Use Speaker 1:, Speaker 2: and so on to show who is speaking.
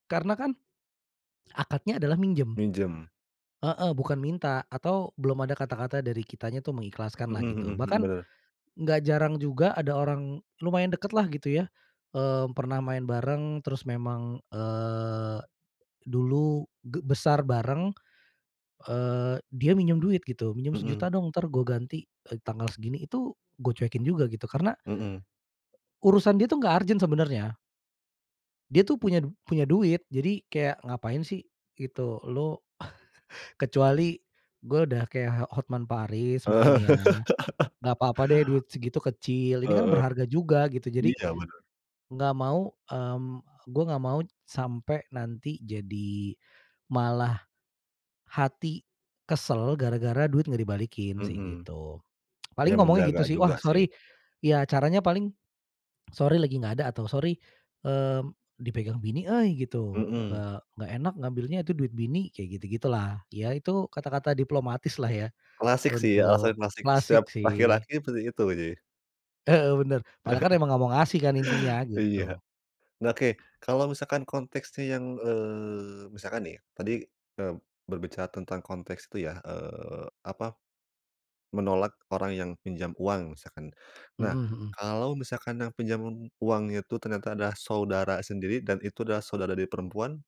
Speaker 1: Karena kan, akadnya adalah minjem.
Speaker 2: Minjem?
Speaker 1: Heeh. Bukan minta atau belum ada kata-kata dari kitanya tuh, mengikhlaskan lah,
Speaker 2: Heeh
Speaker 1: gitu.
Speaker 2: heeh heeh,
Speaker 1: Bahkan,
Speaker 2: benar.
Speaker 1: nggak jarang juga, ada orang lumayan dekat lah, gitu ya, eee, pernah main bareng, terus memang eee, dulu ge besar bareng, eee, dia minjem duit, gitu. "Minjem
Speaker 2: Heeh.
Speaker 1: Rp1.000.000 dong, entar gue ganti, eee, tanggal segini." Itu gue cuekin juga, gitu. Karena
Speaker 2: Heeh.
Speaker 1: urusan dia tuh nggak urgent, sebenarnya. Dia tuh punya punya duit. Jadi, kayak ngapain sih gitu, Lu. Kecuali, gue udah kayak h Hotman Paris, mungkin
Speaker 2: Heeh.
Speaker 1: ya. Nggak papa deh, duit segitu kecil. Ini kan
Speaker 2: heeh.
Speaker 1: berharga juga, gitu. Jadi,
Speaker 2: Iya, benar.
Speaker 1: nggak mau, mmm, gue nggak mau sampai nanti jadi malah, hati kesel, gara-gara duit nggak dibalikin, sih.
Speaker 2: Mhm.
Speaker 1: Gitu. Paling
Speaker 2: Ya
Speaker 1: ngomongnya gitu
Speaker 2: menjaga
Speaker 1: sih, "Wah
Speaker 2: juga, sih.
Speaker 1: sorry." Ya caranya paling, "Sorry lagi nggak ada," atau "Sorry mmm, dipegang bini euy," gitu.
Speaker 2: Mhm.
Speaker 1: "Eee, nggak enak ngambilnya, itu duit bini." Kayak gitu-gitu lah. Ya itu kata-kata diplomatis lah, ya
Speaker 2: Klasik, sih.
Speaker 1: untuk
Speaker 2: Alasan klasik.
Speaker 1: klasik,
Speaker 2: Setiap
Speaker 1: sih.
Speaker 2: laki-laki seperti itu, sih.
Speaker 1: Heeh. Benar. Padahal emang nggak mau ngasih kan, intinya.
Speaker 2: Iya.
Speaker 1: Gitu.
Speaker 2: Oke, kalau misalkan konteksnya yang, eee, misalkan nih, tadi, mmm, berbicara tentang konteks tuh, ya. Eee, apa, menolak orang yang pinjam uang, misalkan. Nah,
Speaker 1: Mhm mhm.
Speaker 2: kalau misalkan yang pinjam uang itu ternyata adalah saudara sendiri, dan itu adalah saudara dari perempuan